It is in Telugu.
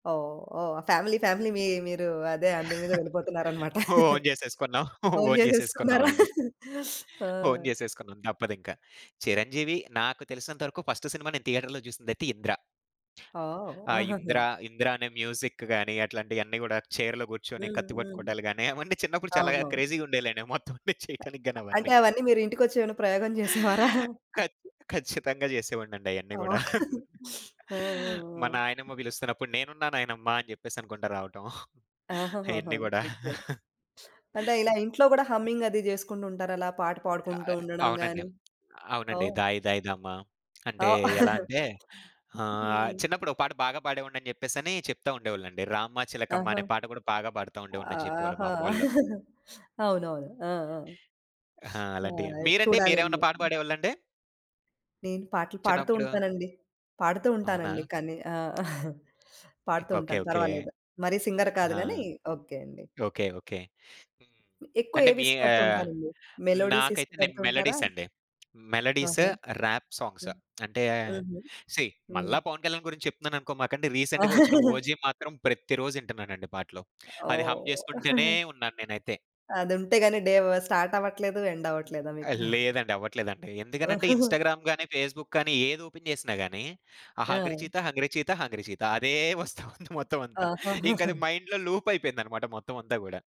ఓహ్! ఓహ్! ఫ్యామిలీ, ఫ్యామిలీ మీ మీరూ అదే, అందు మీద వెళ్ళిపోతున్నారనమాట. ఓన్ జెసేసుకున్నాం. ఓన్ ఓన్ చేసేసుకున్నారా? జేసేసుకున్నావండి. ఆ! ఓన్ చేసేసుకున్నాం, తప్పదింక. 'చిరంజీవి', నాకు తెలిసినంతవరకు ఫస్ట్ సినిమా నేను థియేటర్‌లో జూసిందయితే 'ఇంద్ర'. ఓహ్! ఆ! ఆహాహా! 'ఇంద్ర'. 'ఇంద్ర' అనే మ్యూజిక్ గానీ, అట్లాంటియన్నీ గూడా, చెయిర్‌లో గూర్చొని హ్మ్. కత్తి హ్మ్. పట్టుకోటాలు గానీ, అవన్నీ చిన్నప్పుడు చాలాగా అవునవును. క్రేజీ‌గుండేయిలేండి ఆ మొత్తవన్ని చేయటానికి గానీ అంటే, అవన్నీ. అవన్నీ మీరు ఇంటికొచ్చేవన్నా ప్రయోగం జేసేవారా? ఖచ్ ఖచ్చితంగా జెసేవాడినండయన్నీ ఆ! గూడా. ఆ! ఆ! మా ఆ! నాయనమ్మ పిలుస్తున్నప్పుడు "నేనున్నా నాయనమ్మ" అని జెప్పేసనుకుంటా రావటం. ఆహాహాహా! అయన్నీ గూడా. ఓకే. అంటే, ఇలా ఇంట్లో గూడా హమ్మింగది జేసుకుంటుంటారా అలా పాట ఆ! పాడుకుంటూ ఉండడం అవునండె. గానీ? మ్ అవునండి. ఓహ్! 'దాయి దాయి దామా' అంటే ఆ! ఎలా అంటే, ఆహ్, హ్మ్. చిన్నప్పుడో పాట బాగా పాడేవాడినని చెప్పేసనీ చెప్తా ఉండేవాళ్ళండి. 'రామ్మ చిలకమ్మ' ఆహా! అనే పాట గూడా బాగా పాడతా ఉండేవోడినని జెప్పేవోళ్ళు ఆహా! మామ్మోళ్ళు. హ్మ్. అవునవును. ఆ! ఆ! ఆహా! ఆ! అలాంటియా! అదే మీరండి చూడాలని మీరేవన్నా పాట చెప్పి. పాడేవాళ్ళండి? నేను పాటలు పాడుతూ చిన్నప్పుడు? ఉంటానండి. పాడుతూ అవునా! ఉంటానండి, కానీ ఆ! కే పాడుతూ ఓకే. ఉంటాను. ఓకే. పర్వాలేదు. మరీ సింగర్ కాదు ఆ! గానీ, ఓకే అండి. ఓకే. ఓకే. హ్మ్. హ్మ్. ఎక్కువ అంటే, మీ ఏవిష్టపడుతూ ఆహ్, ఉంటారండి? మెలోడీస్ నాకైతే నేను ఇష్టపడుతుంటారా? మెలోడీసండి. మెలోడీస్, ఆహా! Rap songs. హ్మ్. అంటే, హుహు. సీ హ్మ్. మళ్ళా 'పవన్ కళ్యాణ్' గురించి చెప్తున్నాననుకోమాకండి. రీసెంటుగా ఒచ్చిన 'ఓజీ' మాత్రం ప్రతి రోజిటన్నానండి పాటలు. అది హమ్ ఓహ్! చేసుకుంటూనే ఉన్నాను నేనైతే. అదుంటే గానీ డే వ్ స్టార్టవ్వట్లేదు, ఎండవ్వట్లేదా ఆ! మీకు? లేదండి. అవ్వట్లేదండి. ఎందుకనంటే, ఇన్‌స్టాగ్రామ్ గానీ, ఫేస్‌బుక్ గానీ, ఏదోపెన్ జేసినా గానీ, ఆ 'హంగ్రీ ఆ! చీత హంగ్రీ చీత హంగ్రీ చీత' అదే వస్తా ఉంది మొత్తవంతా. ఆహాహాహా! ఇంకది మైండ్‌లో లూపయిపోయిందనమాట మొత్తమంతా గూడా.